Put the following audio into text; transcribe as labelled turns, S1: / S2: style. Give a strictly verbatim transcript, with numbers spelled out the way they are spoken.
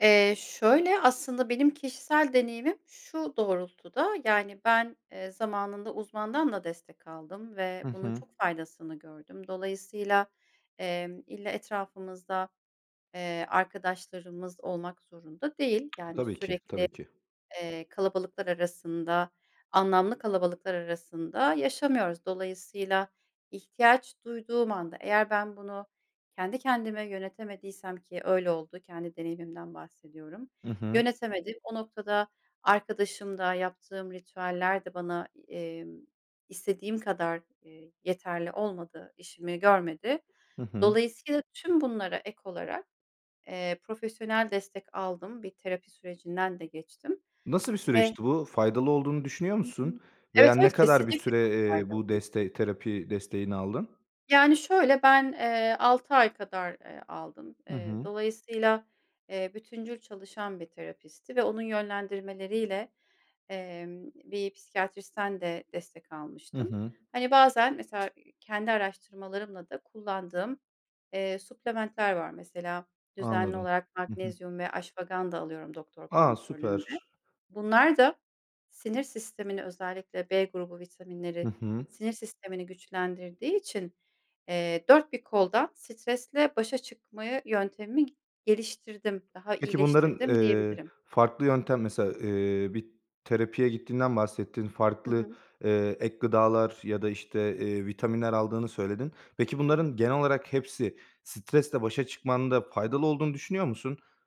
S1: Eee, şöyle. Aslında benim kişisel deneyimim şu doğrultuda; yani ben, eee, zamanında uzmandan da destek aldım ve
S2: Hı
S1: bunun
S2: hı.
S1: çok faydasını gördüm. Dolayısıyla, emm, illa etrafımızda, eee, arkadaşlarımız olmak zorunda değil. Yani,
S2: Tabii ki,
S1: sürekli,
S2: tabii ki.
S1: eee, kalabalıklar arasında, anlamlı kalabalıklar arasında yaşamıyoruz. Dolayısıyla ihtiyaç duyduğum anda eğer ben bunu kendi kendime yönetemediysem, ki öyle oldu. Kendi deneyimimden bahsediyorum.
S2: Hı hı.
S1: Yönetemedim. O noktada arkadaşımda yaptığım ritüeller de bana e imm, istediğim kadar, eee, yeterli, olmadı işimi görmedi.
S2: Hı hı.
S1: Dolayısıyla tüm bunlara ek olarak, eee, profesyonel destek aldım bir terapi sürecinden de geçtim.
S2: Nasıl bir
S1: Ve
S2: süreçti bu? Faydalı olduğunu düşünüyor
S1: Hı hı.
S2: musun?
S1: Evet,
S2: Veya
S1: evet,
S2: ne kadar bir
S1: kesinlikle
S2: süre,
S1: çok
S2: eee, bu
S1: faydalıydı.
S2: desteği, terapi desteğini aldın?
S1: Yani, şöyle. Ben, eee, altı ay kadar, eee, aldım.
S2: Hı
S1: Eee,
S2: hı.
S1: dolayısıyla, eee, bütüncül çalışan bir terapistti ve onun yönlendirmeleriyle, emm, bir psikiyatristten de destek
S2: Hı
S1: almıştım.
S2: hı.
S1: Hani bazen mesela, ııı, kendi araştırmalarımla da kullandığım, eee, supplement'ler var mesela düzenli
S2: Anladım.
S1: olarak
S2: Hı hı.
S1: magnezyum ve ashwagandha alıyorum doktor
S2: A,
S1: kontrolünde.
S2: süper.
S1: Bunlar da sinir sistemini, özellikle B grubu vitaminleri,
S2: Hı hı.
S1: sinir sistemini güçlendirdiği için, eee dört bir koldan stresle başa çıkmayı yöntemi geliştirdim, daha
S2: Peki bunların,
S1: iyileştirdim
S2: eee,
S1: diyebilirim.
S2: farklı yöntem, mesela, eee, bir terapiye gittiğinden bahsettin,
S1: Hı
S2: farklı,
S1: hı.
S2: eee, ek gıdalar ya da işte, eee, vitaminler aldığını söyledin. Peki
S1: Hı hı.
S2: bunların genel olarak hepsi stresle başa çıkmanda faydalı olduğunu düşünüyor musun?